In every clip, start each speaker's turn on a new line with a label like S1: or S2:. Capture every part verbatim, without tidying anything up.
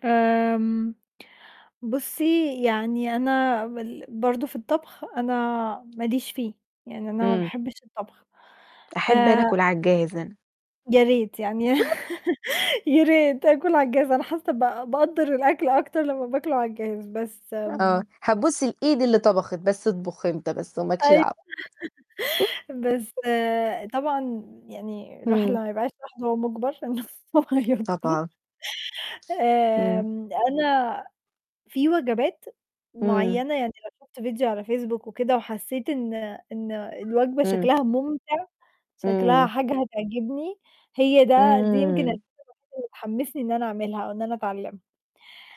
S1: آمم، بُصّي يعني أنا وال برضه في الطبَخ أنا ما ليش فيه، يعني أنا ما
S2: إمم.
S1: باحبّش الطبَخ،
S2: أحب أنا
S1: آآ
S2: آكُل على الجاهز أنا.
S1: يا ريت، يعني يا ريت آكُل على الجهاز أنا حاسّة بق باقدّر الأكل أكتر لمّا بآكُله على الجهاز، بس م
S2: آه، هابوس الإيد اللي طبخِت بس أطبخ أنت بس وما لكش
S1: أيوه،
S2: دعوة.
S1: بس طبعًا، يعني الواحد
S2: إمم.
S1: لما يبقى عايش لوحده وهو مُجبر، أنا [unintelligible]
S2: طبعًا. إمم.
S1: آمم، أنا في وجبات
S2: إمم.
S1: معيّنة يعني لو شُفت فيديو على فيسبوك وكده وحسّيت إن إن الوجبة
S2: إمم.
S1: شكلها مُمتِع، شكلها
S2: إمم.
S1: حاجة هتعجبني هي ده دي يمكن الحاجة
S2: إمم.
S1: الوحيدة اللي تحمّسني إن أنا أعملها أو إن أنا أتعلّمها.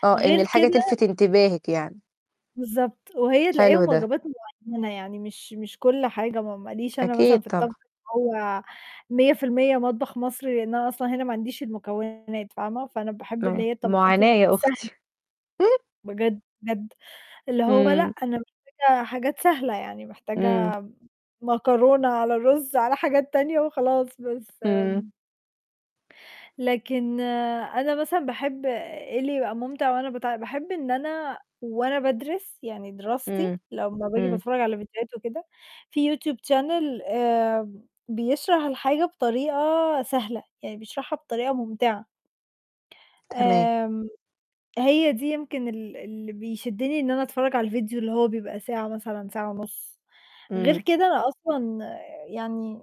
S2: آه، إن
S1: غير
S2: الحاجة
S1: كده
S2: تلِفت انتباهِك يعني.
S1: بالضبط وهي
S2: حلو
S1: تلاقيهم
S2: ده.
S1: واجبات معيّنة، يعني مش مش كل حاجة م ما ليش أنا
S2: أكيد
S1: مثلًا في
S2: طبعًا.
S1: الطبخ اللي هو مِيّة في المِيّة مطبَخ مصري، لإن أنا أصلًا هنا ما عنديش المكونات فاهمة، فأنا باحب
S2: م
S1: اللي هي الطبخات
S2: مُعاناة يا
S1: السهل
S2: أختي.
S1: بجد، بجد، اللي هو لأ،
S2: إمم.
S1: أنا محتاجة حاجات سهلة، يعني
S2: إمم.
S1: محتاجة م مكرونة على رُز على حاجات تانية وخلاص بس
S2: إمم.
S1: م لكن أنا مثلًا باحب إيه اللي يبقى مُمتِع وأنا بت باحب إن أنا وأنا بادرس يعني دراستي
S2: إمم.
S1: لمّا بآجي
S2: إمم.
S1: باتفرّج على فيديوهات وكده في يوتيوب channel آمم، بيشرح الحاجة بطريقة سهلة، يعني بيشرحها بطريقة مُمتِعة.
S2: تمام.
S1: آمم، هي دي يمكن ال اللي بيشدّني إن أنا أتفرّج على الفيديو اللي هو بيبقى ساعة مثلًا ساعة ونُص، غير
S2: إمم.
S1: كده أنا أصلًا يعني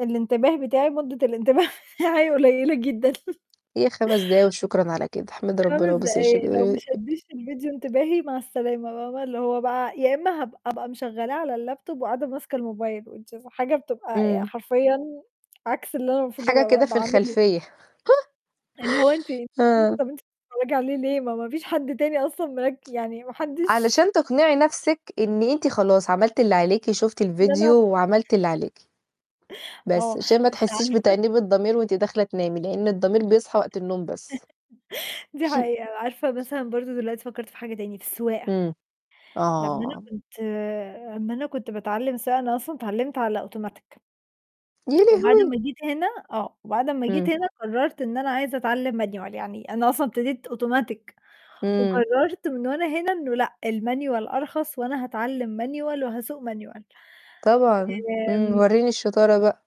S1: الإنتباه بتاعي مدّة الإنتباه هي حاجة قليلة جدًا.
S2: هي خَمَس دقايق وشكرًا على كده، احمِدي ربنا
S1: خَمَس
S2: وبوسي وِشِّك
S1: دقايق لو
S2: آآ
S1: ما شَديش الفيديو انتباهي مع السلامة بقى بقى اللي هو بقى يا إمّا هبق أبقى مشغّلاه على اللاب توب وقاعدة ماسكه الموبايل Which is حاجة بتبقى آآ،
S2: إمم.
S1: حرفيًا عكس اللي أنا المفروض
S2: حاجة
S1: أبقى
S2: كده
S1: ب
S2: في
S1: باعمله.
S2: الخلفيّة.
S1: اللي هو أنتِ أنتِ
S2: آه.
S1: كمان بتتفرّجي عليه ليه ما ما فيش حد تاني أصلًا مرك يعني ما حدش
S2: علشان تقنعي نَفْسِك إن أنت خلاص عملتِ اللي عليكِ، شُفتِ
S1: [unintelligible]
S2: الفيديو وعملتِ اللي عليكِ. بس
S1: آه،
S2: عشان ما
S1: بس
S2: تحسّيش
S1: عارفة
S2: بتأنيب الضمير وأنتِ داخلة تنامي، لإن الضمير بيصحى وقت النوم بس.
S1: دي حقيقة، عارفة مثلًا برضه دلوقتي فكّرت في حاجة تاني في السواقة.
S2: إمم.
S1: لمّا أنا
S2: آه.
S1: كنت أمّا أنا كنت باتعلّم سواقة أنا أصلًا اتعلّمت على أوتوماتيك
S2: يا
S1: وبعد
S2: لهوي!
S1: ما جيت هنا آه وبعد أمّا
S2: إمم.
S1: جيت هنا قرَّرت إن أنا عايزة أتعلّم manual يعني أنا أصلًا ابتديت أوتوماتيك
S2: إمم.
S1: وقرَّرت من وأنا هنا إنه لأ، الmanual أرخص وأنا هاتعلّم manual وهاسوق manual.
S2: طبعًا. إمم،
S1: آمم
S2: ورّيني الشطارة بقى.